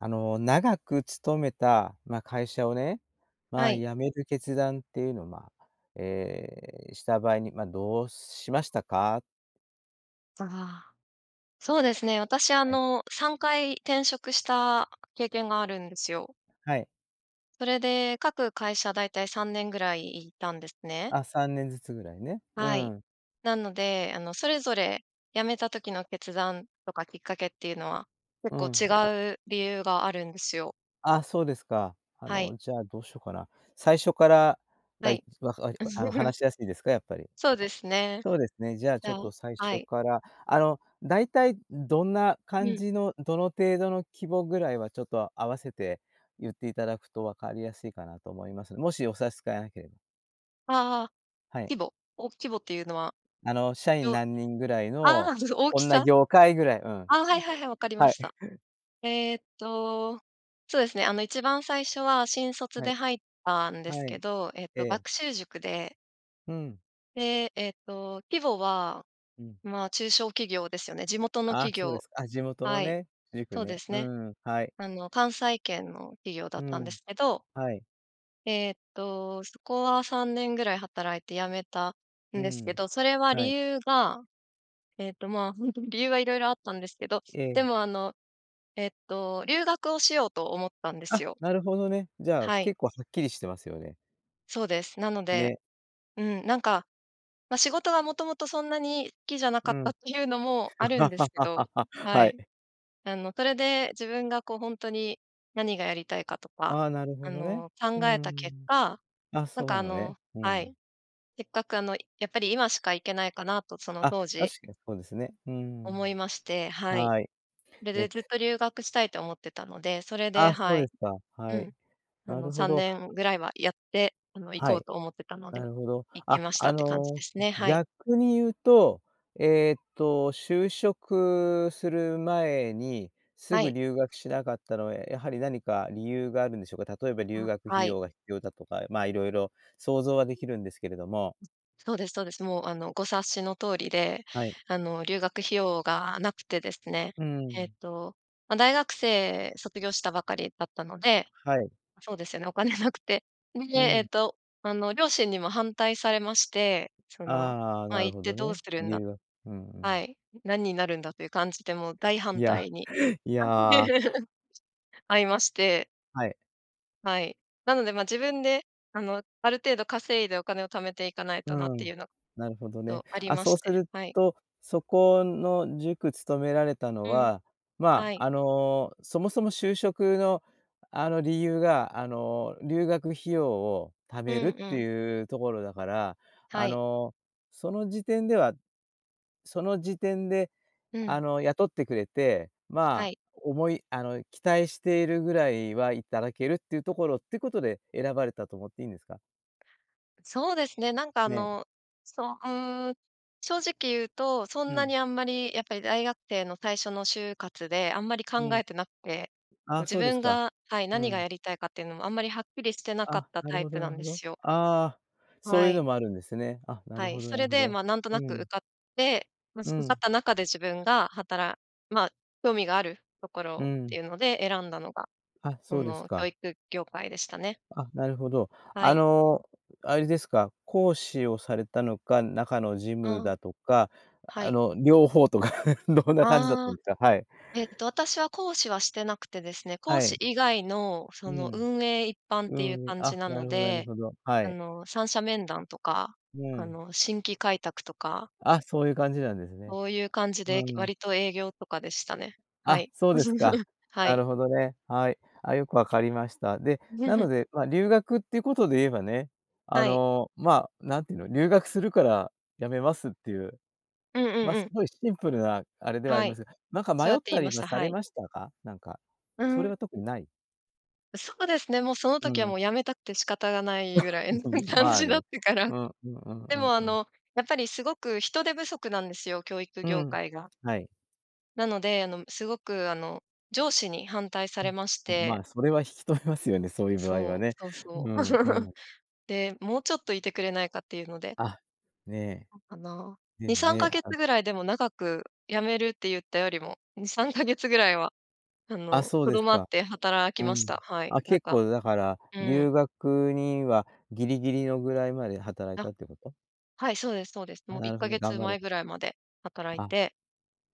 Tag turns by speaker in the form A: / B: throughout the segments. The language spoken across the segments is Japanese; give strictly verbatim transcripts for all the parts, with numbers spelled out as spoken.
A: あの長く勤めた、まあ、会社をね、ま
B: は
A: あ、
B: い。
A: 辞める決断っていうのを、まあ、ええ、した場合に、まあ、どうしましたか？
B: ああ。そうですね、私あ
A: はい。
B: のさんかい転職した経験があるんですよ。
A: はい。
B: それで各会社、大体さんねんぐらいいたんですね。
A: あ、さんねんずつぐらいね、う
B: はい。
A: ん。
B: なので、あの、それぞれ辞めた時の決断とか、きっかけっていうのは
A: う
B: 結構
A: ん。
B: 違う理由があるんですよ。
A: ああ、そうですか。あ
B: はい。
A: のじゃあ、どうしようかな。最初から、
B: は
A: が、
B: い。
A: あの 話しやすいですか？やっぱり。
B: そうですね。
A: そうですね、じゃあ
B: じ
A: ちょ
B: ゃ
A: っ
B: あ
A: と最
B: は
A: 初
B: い。
A: からあの、大体どんな
B: う
A: 感
B: ん。
A: じの、どの程度の規模ぐらいはちょっと合わせて、言っていただくと分かりやすいかなと思います。もし、お差し支えなければ。
B: ああ、
A: はい。
B: 規模？お、規模っていうのは、
A: あの社員
B: よ
A: 何人ぐらい
B: ああ、
A: の
B: 大
A: こ
B: き
A: んな
B: さ。
A: 業界ぐらい、うん。
B: あ、はいはいはい、わか りま
A: はい。
B: した。えっとそうですね、あの一番最初は新卒
A: は
B: で
A: い。
B: 入ったんです
A: は
B: け
A: い、
B: ど、えっ
A: え
B: と
A: え。
B: 学習塾で
A: うん。
B: で、えっと、規模は、
A: うん。
B: まあ、中小企業ですよね。地元の
A: ああ、
B: 企
A: そうで
B: 業
A: すかあ、地元の
B: はい、
A: ね、塾
B: そうで
A: ね。
B: す
A: う
B: ね。
A: ん、はい。
B: あの関西圏の企業だ
A: う
B: ったんで
A: ん、
B: すけど
A: はい。
B: えっと、そこはさんねんぐらい働いて辞めた
A: う
B: んですけ
A: ん、
B: ど、それは
A: は
B: 理
A: い。
B: 由が、えっと、まあ、ほんとに理由は色々あったんですけど、
A: ええ。
B: でも、あの、えっと、留学をしようと思ったんです
A: あ、
B: よ。
A: なるほどね。じゃあ
B: はい。
A: 結構はっきりしてますよね。
B: そうです。なので、
A: ね。
B: うん、なんか、ま、仕事がもともとそんなに好きじゃなか
A: う
B: ったっ
A: ん。
B: ていうのもあるんですけど、は
A: は
B: い。
A: い。
B: あのそれで、自分がこうほんとに何がやりたいかとか、
A: ああ、なる
B: あ
A: ほどね。
B: の
A: う
B: 考えた結
A: ん。
B: 果、
A: あ、
B: なん
A: そう
B: か
A: な
B: あ
A: のね。
B: の
A: う
B: はい。
A: ん。
B: せっかくあの、やっぱり今しか行けないかなと、その
A: あ、
B: 当時
A: 確かにそうですね。うーん。
B: 思いまして、はい。
A: はい。
B: それ
A: え
B: でずっと留学したいと思ってたので、それで、
A: あ、そ
B: は
A: うで
B: い
A: すか、
B: う
A: はい。
B: ん。あ
A: な
B: の
A: るほ
B: さん
A: ど。
B: ねんぐらいはやって、あの行
A: は
B: こう
A: い。
B: と思ってたので、
A: なるほど。
B: 行き
A: あ、
B: ました
A: あ
B: って感じで
A: の、
B: すね、はい。
A: 逆に言うと、えっと、就職する前に、す
B: は
A: ぐ
B: い。
A: 留学しなかったのは、やはり何か理由があるんでしょうか。例えば留
B: あ、
A: 学
B: は
A: 費
B: い。
A: 用が必要だとか、まあ色々想像は出来るんですけれども。
B: そうですそうです。もう、あの、ご察しの通りで、
A: はい。
B: あの、留学費用が無くてですね、
A: う
B: えっ
A: ん。
B: と、まあ、大学生卒業したばかりだったので、
A: はい。
B: そうですよね、お金無くて。で、
A: う
B: えっ
A: ん。
B: と、あの両親にも反対されまして、その、
A: ああ、
B: まあ
A: なる
B: 「行っ
A: ほ
B: て
A: ど
B: どう
A: ね、
B: するん
A: 理
B: だ」
A: 由がうんう
B: は
A: ん。
B: い、「何になるんだ」という感じでもう大
A: い
B: 反
A: や、
B: 対に
A: いや。
B: あいまして。
A: はい。
B: はい。なのでまあ自分であの、ある程度稼いでお金を貯めていかない
A: う
B: となっ
A: ー
B: て
A: ん、
B: いうの
A: なるほどね。
B: とあり
A: あ、
B: ま
A: そ
B: し
A: うす
B: て、
A: る
B: はい。
A: と、そこの塾勤められたの
B: うん、
A: は、ま
B: はい。
A: ああの、そもそも就職のあの理由が、あの留学費用を貯
B: う
A: め
B: ん
A: るっ
B: う
A: て
B: ん。
A: いうところだから、
B: は
A: あ
B: い。
A: の、その時点ではその時点で
B: う
A: あ
B: ん。
A: の雇ってくれて、
B: は
A: まあ
B: い。
A: 思いあの期待しているぐらいはいただけるっていうところっていうことで選ばれたと思っていいんですか？
B: そうですね、なんかあ
A: ね。
B: の、そう、うーん。正直言うと、そん
A: う
B: な
A: ん。
B: にあんまりやっぱり大学生の最初の就活であんまり
A: う
B: 考え
A: ん。
B: てなくて、こう
A: あ、
B: 自
A: そうです
B: 分
A: か。
B: が、はい、
A: う
B: 何が
A: ん。
B: やりたいかっていうのもあんまりはっきりしてなかっ
A: あ、
B: た
A: な
B: タ
A: る
B: イ
A: ほど
B: プ
A: な
B: な
A: る
B: ん
A: ほ
B: で
A: ど。
B: すよ。
A: ああ、そう
B: は
A: いうの
B: い。
A: もあるんですね。あ、な
B: は
A: る
B: い、
A: ほど
B: そ
A: なる
B: れ
A: ほ
B: で
A: ど。
B: まあなんとな
A: う
B: く受
A: ん。
B: かって、まあ
A: う
B: 受かっ
A: ん。
B: た中で自分がはたらまあ興味があるとこ
A: う
B: ろって
A: ん。
B: いうので選んだのが、
A: あ、
B: そ
A: そうです
B: の教
A: か。
B: 育業界でしたね。
A: あ、なるほど。
B: は
A: あ
B: い。
A: のあれですか、講師をされたのか、中の事
B: う
A: 務
B: ん。
A: だとか、
B: は
A: あ
B: い。
A: の両方とかどんな感じだっ
B: あ
A: た
B: あ、
A: んですか？はい。
B: えっと、私は講師はしてなくてですね、講
A: はい。
B: 師以外のそ
A: う
B: の
A: ん。
B: 運営一般っ
A: う
B: ていう
A: ん、
B: 感じ
A: あ、
B: な
A: な
B: の
A: るほどなる
B: で、
A: ほど、は
B: あ
A: い。
B: の三者面談とか、
A: う
B: あ
A: ん。
B: の新規開拓とか。
A: あ、そういう感じなんですね。
B: そういう感じ
A: う
B: で
A: ん。
B: 割と営業とかでしたね。は
A: あ、
B: い。
A: そうですか。
B: は
A: な
B: い。
A: るほどね、はい、あ、よくわかりました。で、な のでまあ留学っていうことで言えばね、あ
B: はい。
A: の、まあなんて言うの「留学するからやめます」っていう、
B: うんう
A: ま
B: ん
A: あ
B: う
A: す
B: ん。
A: ごいシンプルなあれではあり
B: は
A: ま
B: い。
A: すが、なんか
B: そう
A: 迷
B: や
A: っ
B: って
A: た
B: 言いま
A: り
B: し
A: は
B: た。
A: さ
B: は
A: れ
B: い。
A: ましたか？なんか、
B: う
A: それ
B: ん。
A: は特にない？
B: そうですね、もうその
A: う
B: 時はも
A: ん。
B: う辞めたくて仕方がないぐら いの 感
A: まあ
B: じだっ
A: ね。
B: たから。
A: うんうんうん
B: で
A: うん
B: もあ
A: うん。
B: のやっぱりすごく人手不足なんですよ、教育
A: う
B: 業
A: ん。
B: 界が。
A: はい。
B: なので、あの、すごくあの、上司に反対されまし
A: ん、ま
B: て
A: あそれは引き止めますよね。そういう場合は
B: そう、
A: ね。
B: そう
A: う
B: そう。
A: んう ん。
B: で、「もうちょっといてくれないか」っていうので
A: あ、ねえ。
B: かな。にさんかげつ ぐらいでも長く。辞めるって言ったよりもにさんかげつぐらいは、あ
A: あ
B: の、
A: そうで
B: 留
A: す
B: まっ
A: か。
B: て働き
A: う
B: まし
A: ん。
B: た。はい、
A: あ
B: なん
A: 結
B: か
A: 構だから、
B: うん。
A: 留学にはギリギリのぐらいまで働い
B: あ、
A: たってこと？
B: はい、そうですそうです。も
A: あ、
B: ういっ
A: なるほ
B: か
A: どね、
B: げ
A: 頑
B: つ
A: 張
B: ま
A: れ
B: えぐらいまで働い
A: あ、
B: て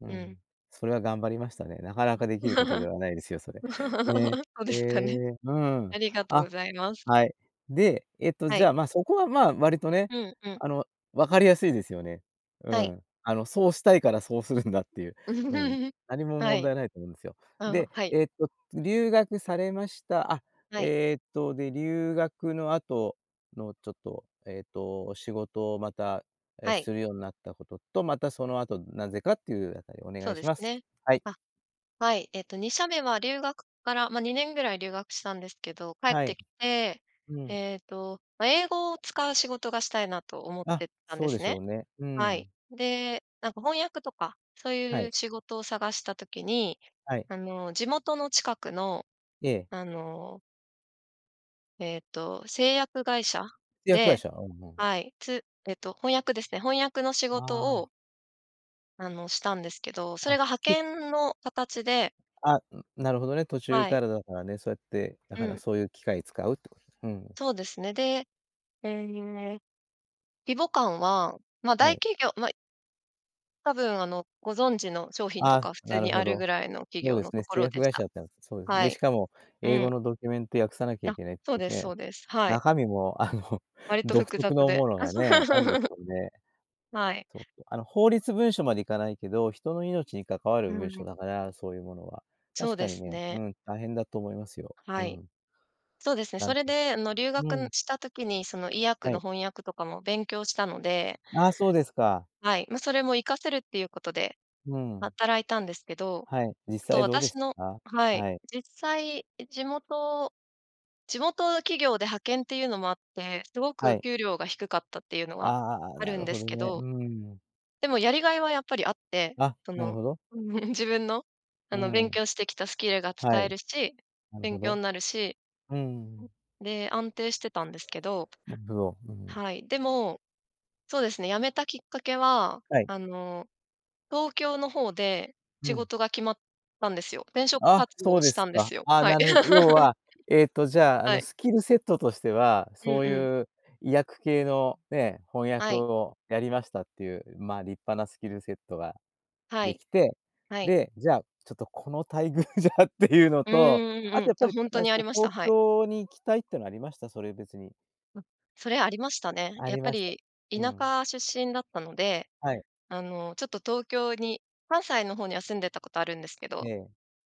A: う
B: うん。
A: ん。それは頑張りましたね。なかなかできることで はないですよ、それ。ね。
B: そう
A: え
B: ですかね。
A: え。う
B: あ
A: ん。
B: りがとう
A: あ、
B: ございます。
A: はい。で、えっと
B: は
A: じゃ
B: い。
A: あま、そこはま、割とね、
B: うんうん。
A: あの、わかりやすいですよね。う
B: はい。
A: ん、あの、そうしたいからそうするんだっていう、うん、何も
B: は
A: 問
B: い。
A: 題ないと思うんですよ。
B: あ、
A: で、
B: はい。
A: えっと、留学されました、あ、
B: はい。
A: えっと、で、留学の後のちょっとえっと、仕事をまたえ、
B: はい。
A: するようになったことと、またその後なぜかっていうあたりをお願
B: そう
A: い
B: で
A: し
B: す
A: ます。
B: ね。
A: はい。
B: あ、はい、えっと、にしゃめは留学からま、にねんぐらい留学したんですけど、帰っ
A: は
B: て
A: い。
B: きて、
A: うん。
B: えっと、ま英語を使う仕事がしたいなと思っ
A: あ、
B: てたんで
A: そうで
B: す
A: し
B: ね。
A: ょうね。う
B: はい。
A: ん。
B: で、なんか翻訳とか、そう
A: は
B: いう
A: い。
B: 仕事を探した時に、
A: はい。
B: あの、地元の近くの
A: ええ。
B: あのえっと製薬会社
A: 製薬会
B: で、
A: 社、うんうん。
B: はい、つえっと翻訳ですね。翻訳の仕
A: あ
B: 事を
A: あ。
B: あのしたんですけど、そ
A: あ、
B: れが派
A: け
B: 遣の形で
A: あ、ん、なるほどね、途中
B: はい。
A: からだからね、そうやって、だか
B: う
A: ら
B: ん。
A: そういう機会使うってこと。うん。
B: そうですね。で、ええ、規模感は、ま
A: は
B: 大
A: い。
B: 企業まあ多分あの、ご存知の商品と
A: あ
B: か普
A: あ、
B: 通
A: なる
B: にあ
A: ほ
B: る
A: ど。
B: ぐらいの企
A: そう
B: 業
A: で
B: の
A: す
B: と
A: ね、
B: こ
A: 製
B: ろ
A: 薬
B: でし
A: 会社
B: た。
A: だったん、そうです。
B: は
A: で、し
B: い。
A: かも
B: う
A: 英
B: ん。
A: 語のドキュメント訳さなきゃい
B: あ、
A: けないって
B: そうです
A: ね、
B: そうです。はい。
A: 中身もあの、
B: 割と
A: 独
B: 複
A: 特
B: 雑
A: の
B: で
A: ものがね、あるんです よね。
B: はい。
A: そうそう、あの法律文書までいかないけど、人の命に関わる
B: う
A: 文書
B: ん。
A: だから、そういうものは。
B: そう
A: 確か
B: で
A: に
B: す
A: ね、う
B: ね。
A: ん、大変だと思いますよ。う
B: はい。
A: ん。
B: そうですね。
A: な
B: そ
A: ん
B: れであの留学
A: う
B: ん
A: ん。
B: した時に、その医薬
A: は
B: の
A: い。
B: 翻訳とかも勉強したので
A: ああ、そうですか。
B: はい、ま、それも活かせるっていうことで、
A: うん。
B: 働いたんですけど、
A: はい、実
B: ちょっと
A: 際どうで
B: 私
A: し
B: の
A: たか。
B: はい、
A: はい。
B: 実際、地元地元企業で派遣っていうのもあって、すご
A: は
B: く
A: い。
B: 給料が低かったっていうのは
A: ああ、
B: あ
A: な
B: るん
A: る
B: で
A: ほ
B: す
A: ど
B: け
A: ね。う
B: ど。
A: ーん。
B: でもやりがいはやっぱりあって、
A: あ、
B: そ
A: なる
B: の
A: ほど。
B: 自分の、あ
A: う
B: の
A: ん。
B: 勉強してきたスキルが
A: は
B: 使え
A: い。
B: るし、
A: なるほ
B: 勉強
A: ど。
B: になるし。
A: うん。
B: で、安定してたんですけど、
A: うん。
B: はい、でも、そうですね、辞めたきっかけは、
A: はい。
B: あの、東京の方で、
A: う
B: 仕
A: ん。
B: 事が決まったんですよ。転職
A: あ、
B: 活動
A: そう
B: を
A: で
B: し
A: す
B: たんで
A: か。
B: すよ。
A: ああ、
B: はい。
A: なる要 は、えっと、じゃああ
B: は
A: の、
B: い。
A: スキルセットとしては、
B: う
A: そ
B: ん
A: う
B: うん。
A: いう医薬系のね、翻
B: は
A: 訳
B: い。
A: をやりましたっていう、まあ立派なスキルセットが
B: は
A: で
B: い、
A: きて、
B: はい。
A: で、じゃあちょっとこの待遇じゃっていうの
B: う
A: と、
B: んう
A: あ
B: ん
A: と
B: う
A: や
B: ん。
A: っぱ
B: あ、
A: り
B: ほんと
A: なんで
B: に
A: す
B: あり
A: か、
B: まし
A: 東
B: た、はい。
A: 京に行きたいっていうのはありました？それ別に。
B: うん。それありましたね。
A: あ
B: やっ
A: り
B: ぱ
A: ました。
B: り、
A: う
B: 田
A: ん。
B: 舎出身だったので、
A: はい。
B: あの、ちょっと東京に、関西の方には住んでたことあるんですけ
A: え
B: ど、
A: え。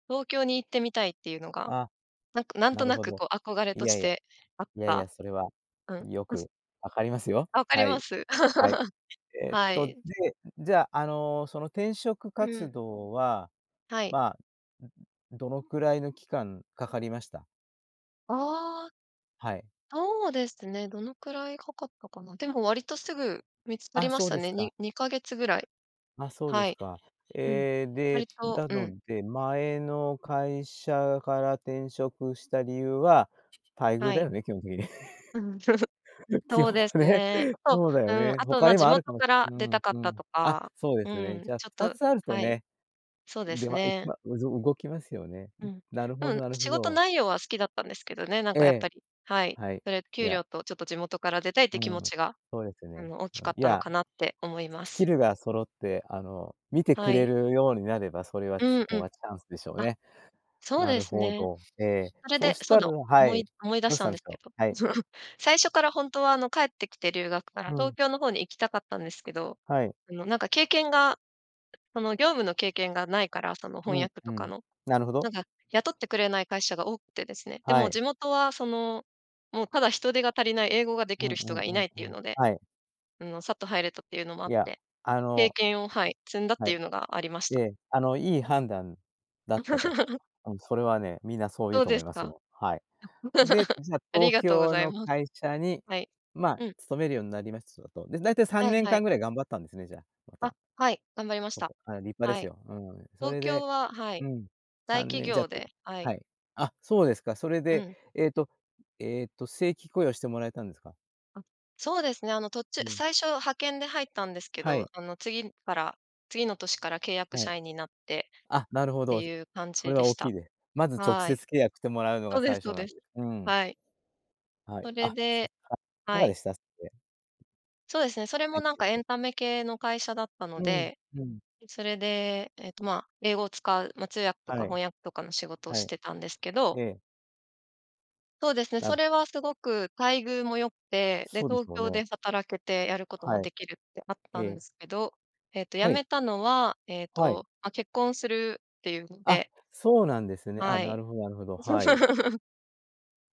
B: 東京に行ってみたいっていうのが、
A: あ、
B: なんかなん
A: な
B: と
A: る
B: な
A: ほ
B: く、
A: ど。
B: こう、憧れ
A: い
B: とし
A: やいや、
B: てあっ
A: いやい
B: た。
A: や、それは、
B: うん。
A: よ
B: [unintelligible]
A: く分かりますよ。
B: あ、分かり
A: は
B: ま
A: い。
B: す。
A: はい。えっ
B: は
A: と、
B: い。
A: で、じゃあ、あの、その転職
B: う
A: 活
B: ん。
A: 動は、
B: はい。
A: まあ、どのくらいの期間かかりました？
B: ああ。
A: はい。
B: そうですね、どのくらいかかったかな。でも割とすぐ見つかり
A: あ、
B: まし
A: そう
B: た
A: です
B: ね。
A: か。
B: ににかげつぐらい。
A: あ、そうで
B: は
A: す
B: い。
A: か。
B: うん。
A: ええ、
B: 割
A: で、
B: と
A: だ
B: うん。
A: ので、前の会社から転職した理由は、待遇
B: は
A: だ
B: い。
A: よね、基本的に。
B: うん。
A: 基
B: そう
A: 本
B: です
A: ね、
B: ね。あ と、
A: そうだ
B: う
A: よ
B: ーん。
A: ね、
B: あと
A: 他
B: まあ、
A: にも
B: 地
A: ある
B: 元
A: かも
B: から
A: う
B: 出た
A: ん
B: かっ
A: う
B: た
A: ん。
B: と
A: あ、
B: か、
A: そうで
B: う
A: すね。じ
B: ん。
A: ゃあ
B: ちょっ
A: ふた
B: と
A: つあると
B: はい。
A: ね。
B: そうで
A: で、
B: す
A: ま、いく
B: ね。
A: まうず動きますよね。
B: う
A: ん、
B: ん。
A: なるほ
B: う
A: ど
B: ん。
A: なる
B: 仕
A: ほ
B: 事
A: ど。
B: 内容は好きだったんですけどね、なん
A: え
B: かやっぱ
A: え、
B: りはい。
A: はい。
B: それ、
A: い
B: 給
A: や。
B: 料とちょっと地元から出たいっていう
A: う
B: 気
A: ん。
B: 持ちが、
A: そうですよ
B: あ
A: ね。
B: の、大き
A: うん、
B: かっ
A: い
B: たの
A: や。
B: かなって思いま
A: スキ
B: す。
A: ルが揃って、あの、見てく
B: は
A: れ
B: い。
A: るようになれば、それは
B: う
A: そ
B: んう
A: こ
B: ん。
A: がチャンスでしょう
B: あ、
A: ね。
B: そう
A: な
B: で
A: る
B: す
A: ほ
B: ね。
A: ど。ええ、
B: それ
A: そう
B: で、
A: し
B: そ
A: たら
B: の、
A: は
B: 思
A: い。
B: い思い出
A: ど
B: し
A: うし
B: た
A: た
B: ん
A: ん
B: で
A: す
B: すけ
A: か。
B: ど。
A: はい。
B: 最初からほんとは、あの帰ってきて留学から、
A: う
B: 東
A: ん。
B: 京の方に行きたかったんですけど、
A: はい。
B: あの、なんか経験が、その業務の経験が無いから、その
A: う
B: 翻
A: ん
B: 訳
A: う
B: とか
A: ん。
B: の。
A: なるほど。
B: なんか雇ってくれない会社が多くてですね。で
A: は
B: も
A: い。
B: 地元はその、もうただ人手が足りない、英語が出
A: う
B: 来
A: ん
B: る
A: う
B: 人
A: ん
B: が
A: う
B: いな
A: ん
B: いってい
A: う
B: う
A: ん。
B: ので。
A: はい。
B: あの、さっと入れたっていうのもあ
A: い
B: っ
A: や、
B: て、
A: あ
B: 経
A: の
B: 験を、はい。積んだっ
A: は
B: てい
A: い。
B: うのがありました。
A: で、あの、いい判断だったと。うん。それはね、みんなそう言
B: そ
A: う
B: う
A: と
B: で
A: 思い
B: す
A: ます
B: か？
A: よ。はい。で、じゃあ
B: あり
A: 東
B: がとうご
A: 京
B: ざい
A: の
B: ます。
A: 会社に、
B: はい。
A: まあ、
B: うん。
A: 勤めるようになりましたと。で、大体さん
B: はい
A: ねん
B: は
A: か
B: い。
A: んぐらい頑張ったんですね、じゃあ、ま
B: あ、
A: た。
B: はい。頑張りました。
A: はい、立派で
B: は
A: す
B: い。
A: よ。うん。そ
B: 東
A: れ
B: 京
A: で
B: ははい。
A: うん、さ
B: 大
A: ん
B: 企
A: ねんじゃ
B: 業
A: く
B: ではい。
A: はい。あ、そうですか。それ
B: う
A: で、
B: ん。
A: えっと、えっと、正規雇用してもらえたんですか？
B: あ、そうですね。あの、途中
A: うん。
B: 最初派遣で入ったんですけ
A: は
B: ど、
A: い。
B: あの次から次の年から契約
A: はい。
B: 社員になって、
A: あ、なるほ
B: って
A: ど。
B: いう感
A: そ
B: じ
A: れ
B: で
A: は
B: し
A: 大きい
B: た。
A: です。まず直
B: は
A: 接
B: い。
A: 契約してもらうの
B: そ
A: が
B: うで
A: 最
B: す
A: 初
B: そう
A: なん
B: で
A: で、
B: す。
A: うん。
B: はい。
A: はい、
B: それ
A: あ、
B: で
A: [unintelligible] いか
B: は
A: が
B: い。
A: でした？それで。
B: そうですね、それも
A: はい。
B: なん
A: で
B: かエ
A: で
B: ンタメ系の会社だったの
A: うん
B: で。
A: うん。
B: それで、えっと、ま、英語を使う、ま、通訳とか
A: はい。
B: 翻訳とかの仕事を
A: は
B: し
A: い。
B: てたんですけど。
A: ええ。
B: そうですね、
A: な
B: そ
A: る
B: れ
A: ほ
B: はすごく待遇も良くて、で、
A: そうです
B: 東
A: よ
B: 京
A: ね。
B: で働けてやることも
A: はい。
B: 出来るってあった
A: え
B: んで
A: え。
B: すけど。えっと、辞
A: はい。
B: めたのは、えっ
A: はい。
B: と、ま、結婚するっていうの
A: あ、
B: で
A: そうなんですね。ああ、
B: は
A: な
B: い。
A: るほどなるほど。はい。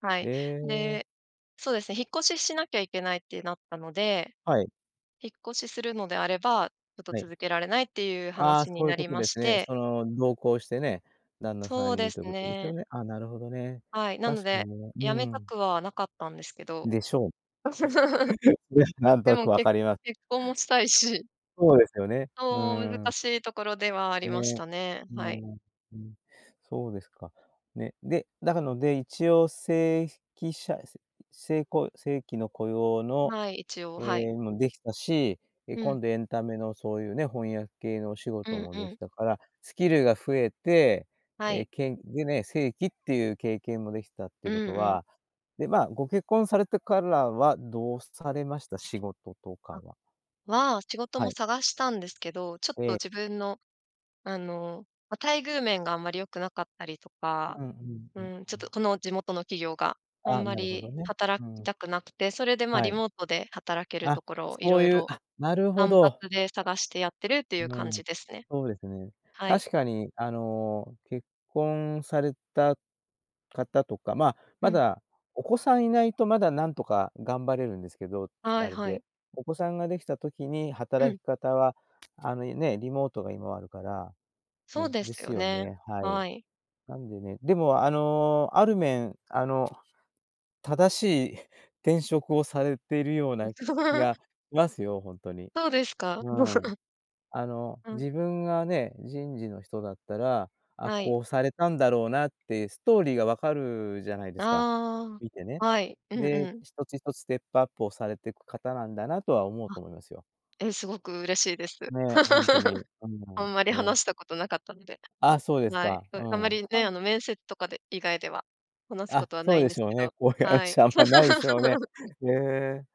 B: はい。
A: ええ。
B: で、そうですね、引っ越ししなきゃいけないってなったので、
A: はい。
B: 引っ越しするのであれば、ちょっと
A: はい。
B: 続けられないっていう
A: ああ、
B: 話に
A: そういう
B: な
A: こ
B: り
A: と
B: ま
A: で
B: し
A: すね。
B: て。
A: その、同行してね、旦那さ
B: そう
A: ん
B: で
A: に
B: す
A: ということですよ
B: ね。
A: ね。ああ、なるほどね。
B: はい。なの
A: 確かに
B: で、
A: ね、
B: 辞
A: う
B: めた
A: ん。
B: くはなかったんですけど。
A: でしょう。ね、なんと
B: で
A: な
B: も
A: く分
B: け
A: かります。
B: 結婚もしたいし。
A: そうですよね、うー
B: そう。難
A: ん。
B: しいところではありまし
A: ね、
B: たね、
A: うん、
B: はい。
A: うん。そうですか。ね、で、だかので、一応せいひきしゃすせいこう正規の雇用の、
B: はい、一応。
A: え
B: はい。
A: え、も出来たし、ええ、
B: うん。
A: 今度エンタメのそういうね、翻訳系のお仕
B: う
A: 事
B: ん
A: も
B: う
A: 出来
B: ん。
A: たから、スキルが増えて、
B: は
A: ええ、
B: い。
A: けんでね、正規っていう経験も出来たって
B: う
A: い
B: ん
A: うこと
B: うん。
A: はで、まあ、ご結婚されてからはどうされました？仕事とか
B: あ。
A: は。
B: は、仕事
A: は
B: も
A: い。
B: 探したんですけど、ちょっと
A: ええ。
B: 自分の、あの、ま、待遇面があんまり良くなかったりと
A: う
B: か、
A: んうん
B: う
A: うん
B: ーん、ちょっ
A: う
B: と
A: ん。
B: この地元の企業が。あ
A: ああ、
B: んま
A: なるほ
B: り
A: どね。
B: 働
A: う
B: き
A: ん。
B: たくなくて。それでまあ、
A: は
B: リ
A: い。
B: モートで働けると
A: あ、
B: ころを
A: そ
B: 色
A: ういう。
B: 々、
A: あ、なるほ
B: 単
A: ど。
B: 発で探してやってるっていう
A: う
B: 感
A: ん。
B: じですね。
A: そうですね。
B: はい。
A: 確かに、あの、結婚された方とか、ま、
B: う
A: ま
B: ん。
A: だお子さん居ないとまだ何とか頑張れるんですけど、つ
B: はい
A: あれ
B: は
A: で。
B: い。
A: お子さんが出来た時に、
B: う
A: 働
B: ん。
A: き方は、あの、いね、リモートが今あるから、
B: そう
A: ね、
B: で
A: で
B: す
A: す
B: よ
A: よ
B: ね。
A: ね、はい。
B: はい。
A: なんでねでもあの、ある面、あの、正しい転職をされているような気が しますよ、ほんとに。
B: そうですか。
A: うん。あの、
B: うん。
A: 自分がね、人事の人だったら、ああ
B: はい。
A: こうされたんだろうなっていうストーリーが分かるじゃないですか、
B: あ
A: 見てね。
B: あ。はい。うん
A: で、
B: うん。
A: 一つ一つステップアップをされてく方なんだなとは思う
B: あ。
A: と思いますよ。
B: え、すごく嬉しいです。
A: ね、本当に。う ん、
B: あんまり
A: ね。
B: 話したことなかったので。
A: あ、そうです
B: はい。
A: か。う
B: ああんま
A: ん。
B: りね、
A: た
B: あの、面接とかで、以外では、話すこ
A: あ、
B: とは
A: そ
B: な
A: う
B: いん
A: で
B: で
A: し
B: す
A: ょ
B: け
A: うね。
B: ど。
A: こういう
B: はい。
A: 話あんま無いでしょうね。ええ。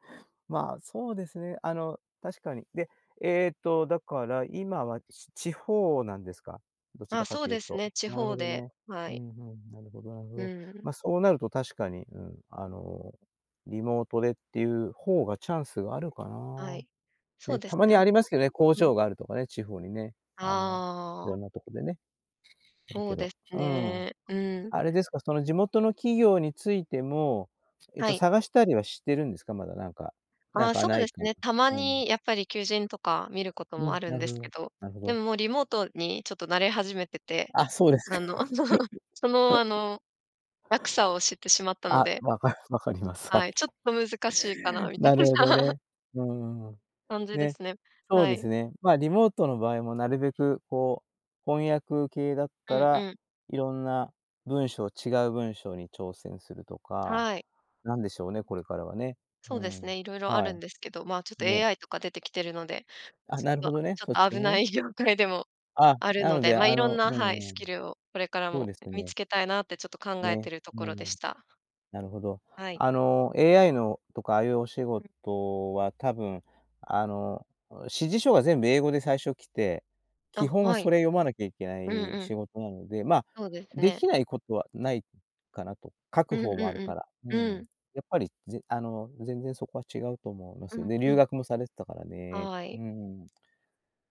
A: まあ、そうですね。あの、確かに。で、えっとだから、今はち地方なんですか？どち
B: あ、
A: らか
B: そう
A: とい
B: で
A: う
B: す
A: と。
B: ね。地
A: なる
B: 方
A: ほど
B: で、
A: ね。
B: は
A: う
B: い。
A: ん、ふん、なるほどなるほ
B: う
A: ど。
B: ん。
A: ま、そうなると確かに、うん、あの、リモートでっていう方がチャンスがあるのか
B: はい。
A: な。
B: そう
A: ね、
B: で
A: た
B: す
A: ま
B: ね。
A: に
B: あ
A: ありますけどね、工
B: うん。
A: 場があるとかね、地方にね、あの、
B: あ
A: 色ん
B: あ。
A: なとこでね、ある
B: そ
A: け
B: う
A: ど。
B: です
A: うん。
B: ね、うん。
A: あれですか、その地元の企業についても、えっ
B: は
A: と
B: い。
A: 探したりはしてるんですか、まだなんか、なん
B: あ、
A: か
B: そう
A: 無い
B: です
A: か
B: ね。たま
A: うん。
B: にやっぱり求人とか見ること
A: う
B: もあ
A: ん、
B: る
A: な
B: ん
A: る
B: で
A: ほ
B: すけ
A: ど、
B: ど、
A: なるほ
B: で
A: ど。
B: ももうリモートにちょっと慣れ始めてて。
A: あ、そうですか。
B: あの、その、あ の、楽さを知ってしまったの
A: あ、
B: で。
A: 分か分かります。は
B: はい、ち
A: い。
B: ょっと難しいかな、みたい
A: なる
B: な。
A: ほど ね。うん。
B: 感じで
A: ね、
B: すね。
A: そう
B: は
A: で
B: い。
A: すね、ま、リモートの場合もなるべくこう、翻訳系だっ
B: う
A: た
B: ん
A: ら、
B: うん。
A: 色んな文章、違う文章に挑戦するとか、
B: はい。
A: なんでしょうね、これからはね。
B: そ
A: う
B: うです
A: ん。
B: ね。色々あ
A: は
B: る
A: い。
B: んですけど。まあちょっと
A: ね。
B: AI とか出てきてるので。
A: あ、
B: ち
A: なる
B: ょっと、
A: ほどね、
B: ちょっ
A: そっ
B: と
A: ち
B: 危
A: の
B: な
A: ね。
B: い業界でも
A: あ、
B: ある
A: な
B: の
A: の
B: で。
A: であ
B: ま、色ん
A: の
B: な、
A: う
B: はい、
A: ん
B: ス
A: う
B: キ
A: ん。
B: ルをこれから
A: そう
B: も
A: ですよ
B: 見
A: ね。
B: つけたいなってちょっと考え
A: ね、
B: てるとこ
A: う
B: ろで
A: ん。
B: した。
A: なるほど。
B: はい。
A: あの、AI の、とかああいうお仕
B: うん。
A: 事は多分、あの、あ、指示書が全部英語で最初来て、
B: あ、
A: 基本は
B: は
A: そ
B: い。
A: れ読まなきゃいけな
B: うん
A: い
B: うん。
A: 仕事なので、ま、
B: そうです
A: 出
B: ね。
A: 来ないことはないかなと。書
B: う
A: く
B: ん
A: 方
B: うん
A: もあるから。う
B: うん。
A: ん。
B: うん。
A: やっぱりぜあの、全然そこは違うと思いま
B: う
A: すよ、
B: ん
A: で、
B: う
A: 留
B: ん。
A: 学もされてたからね。
B: は
A: う
B: い。
A: ん。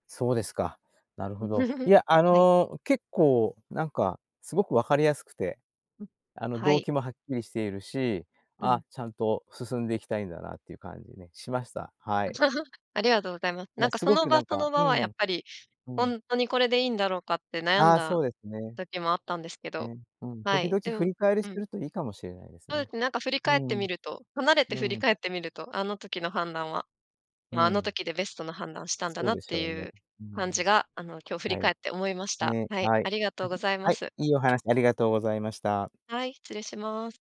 A: そうですか。なるほど。い や、あ
B: はい。
A: の、結構なんか、すごく分かりやすくて。
B: うん、
A: あの、
B: は
A: 動
B: い。
A: 機もはっきりしているし、
B: う
A: あ、
B: ん。
A: ちゃんと進んでいきたいんだなっていう感じね、しました。はい。
B: ありがとうございます。な
A: は
B: ん
A: い、
B: か
A: す
B: そ
A: ご
B: の
A: くな
B: 場
A: ん
B: そ
A: か
B: の場
A: う
B: はやっ
A: ん。
B: ぱり、
A: う
B: ほ
A: ん。
B: んとにこれでいいんだろうかって悩ん
A: あ、
B: だ
A: そうですね。
B: 時もあったんですけど。
A: ね、うん。
B: は
A: 時
B: い。
A: 々
B: で
A: 振
B: も
A: り返り
B: う
A: して
B: ん。
A: るといいかもしれないです
B: そ
A: ね。
B: うですね。なんか振り
A: う
B: 返って
A: ん。
B: みると離れて
A: う
B: 振り
A: ん。
B: 返ってみると、あの時の判断は、
A: う
B: ま、あの
A: ん。
B: 時でベストな判断したんだ
A: そう
B: なっ
A: でし
B: て
A: ょう
B: い
A: ね。
B: う
A: う
B: 感じ
A: ん。
B: が、あの、今日振り
A: はい。
B: 返って思いました。
A: ね、
B: はい。
A: はい。
B: ありがと
A: は
B: うご
A: い、
B: ざいま
A: はい、
B: す。
A: いいお話ありがとうございました。
B: はい、失礼します。